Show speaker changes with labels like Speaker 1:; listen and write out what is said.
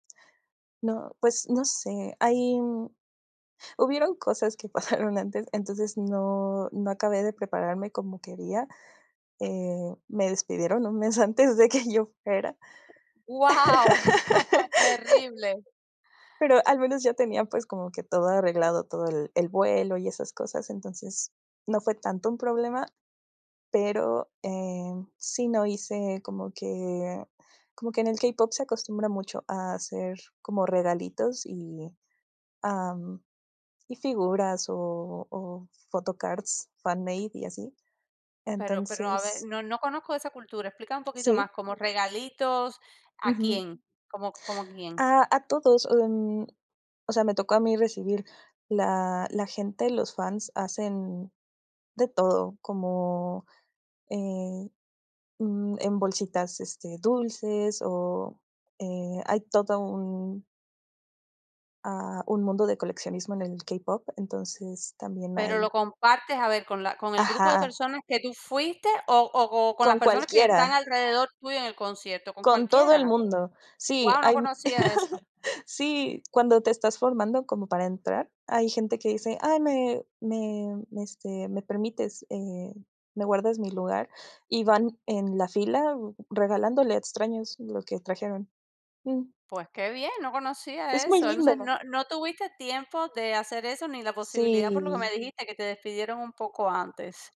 Speaker 1: No, pues, no sé, hay mm hubieron cosas que pasaron antes, entonces no no acabé de prepararme como quería. Eh, me despidieron un mes antes de que yo fuera.
Speaker 2: Guau, terrible.
Speaker 1: Pero al menos yo tenía, pues, como que todo arreglado, todo el el vuelo y esas cosas, entonces no fue tanto un problema pero, eh, sí no hice como que como que en el k-pop se acostumbra mucho a hacer como regalitos y, am, y figuras o o photocards, fanmade y así.
Speaker 2: Pero pero a ver,
Speaker 1: Entonces
Speaker 2: no no conozco de esa cultura, explícame un poquito
Speaker 1: Sí.
Speaker 2: más, como regalitos, ¿a
Speaker 1: Ujú.
Speaker 2: quién? ¿Cómo cómo a quién?
Speaker 1: Ah, a todos, mm, o sea, me tocó a mí recibir la la gente, los fans hacen de todo, como, eh, mm, en bolsitas, este, dulces o, eh, hay todo un ah, un mundo de coleccionismo en el k-pop, entonces también
Speaker 2: Pero
Speaker 1: hay
Speaker 2: lo compartes, a ver, con la con el grupo de
Speaker 1: Ajá.
Speaker 2: personas que tú fuiste o o co con las
Speaker 1: Con
Speaker 2: personas que están
Speaker 1: cualquiera.
Speaker 2: alrededor tuyo en el concierto, ¿con
Speaker 1: Con todo el
Speaker 2: cualquiera?
Speaker 1: mundo. Sí,
Speaker 2: Guau, no
Speaker 1: hay
Speaker 2: conocía eso.
Speaker 1: sí, cuando te estás formando como para entrar, hay gente que dice: "Ay, me me, este, me permites, eh, me guardas mi lugar", y van en la fila regalándole a extraños lo que trajeron. Mm.
Speaker 2: Pues qué bien, no conocía
Speaker 1: Es muy
Speaker 2: eso. Entonces,
Speaker 1: lindo.
Speaker 2: no no tuviste tiempo de hacer eso ni la posibilidad, por lo que me
Speaker 1: Sí.
Speaker 2: dijiste, que te despidieron un poco antes.